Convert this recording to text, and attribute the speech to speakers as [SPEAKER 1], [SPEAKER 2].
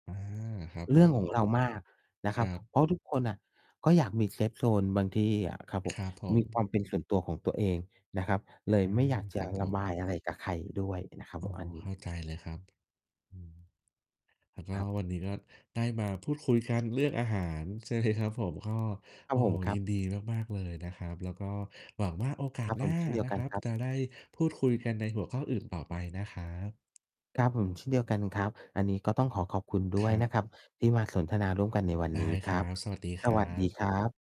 [SPEAKER 1] อา ครับ
[SPEAKER 2] เ
[SPEAKER 1] ผ
[SPEAKER 2] รื่อง
[SPEAKER 1] ม
[SPEAKER 2] ของเรามากนะ
[SPEAKER 1] ค
[SPEAKER 2] ครั
[SPEAKER 1] ร
[SPEAKER 2] บ
[SPEAKER 1] ับ
[SPEAKER 2] เพราะทุกคนน่ะ ก็อยากมี เซฟโซน บางทีอะครับผ
[SPEAKER 1] ค
[SPEAKER 2] ม
[SPEAKER 1] รับผ
[SPEAKER 2] มีคว
[SPEAKER 1] ม
[SPEAKER 2] ามเป็นส่วนตัวของตัวเองนะครับ เลย
[SPEAKER 1] อา
[SPEAKER 2] ไม่อยากจ
[SPEAKER 1] คร
[SPEAKER 2] ะ
[SPEAKER 1] ับผ
[SPEAKER 2] ระบ
[SPEAKER 1] ม
[SPEAKER 2] ายอะไรกับใครด้วยนะครับ
[SPEAKER 1] อ๋
[SPEAKER 2] ผ
[SPEAKER 1] อ
[SPEAKER 2] ม อันน
[SPEAKER 1] เ
[SPEAKER 2] ี
[SPEAKER 1] ข้
[SPEAKER 2] ้
[SPEAKER 1] าใจเลยครับ อืม แล้วก
[SPEAKER 2] ค
[SPEAKER 1] ็
[SPEAKER 2] รับ
[SPEAKER 1] วันนี้ก็ได้มาพูดคุยกันเรื่องอาหาร ใช่ไหมครับผม ก็
[SPEAKER 2] ครั
[SPEAKER 1] โอ
[SPEAKER 2] บ
[SPEAKER 1] ้
[SPEAKER 2] ผ
[SPEAKER 1] โฮ
[SPEAKER 2] ม ครั
[SPEAKER 1] ย
[SPEAKER 2] บ
[SPEAKER 1] ินดีมาก ๆ เลยนะครับ แล้วก็หวังว่าโอกา
[SPEAKER 2] คร
[SPEAKER 1] ส
[SPEAKER 2] ับ
[SPEAKER 1] ห
[SPEAKER 2] ผ
[SPEAKER 1] น้
[SPEAKER 2] ม
[SPEAKER 1] า
[SPEAKER 2] เช่นเดีย
[SPEAKER 1] น
[SPEAKER 2] ว
[SPEAKER 1] ะ
[SPEAKER 2] กั
[SPEAKER 1] ค
[SPEAKER 2] น
[SPEAKER 1] รับ
[SPEAKER 2] ครับ
[SPEAKER 1] จะได้พูดคุยกันในหัวข้ออื่นต่อไปนะครับ
[SPEAKER 2] ครับผม เช่นเดียวกันครับ อันนี้ก็ต้องขอขอบคุณด
[SPEAKER 1] ค
[SPEAKER 2] ้ว
[SPEAKER 1] ร
[SPEAKER 2] ย
[SPEAKER 1] ั
[SPEAKER 2] น
[SPEAKER 1] บ
[SPEAKER 2] ะครับ ที่มาสนทนาร่วมกันในวัน
[SPEAKER 1] ได้
[SPEAKER 2] นี้ค
[SPEAKER 1] ค
[SPEAKER 2] ร
[SPEAKER 1] รั
[SPEAKER 2] ับ
[SPEAKER 1] บ สวัสดีค
[SPEAKER 2] ส
[SPEAKER 1] รั
[SPEAKER 2] วัสดี
[SPEAKER 1] บ
[SPEAKER 2] ครับ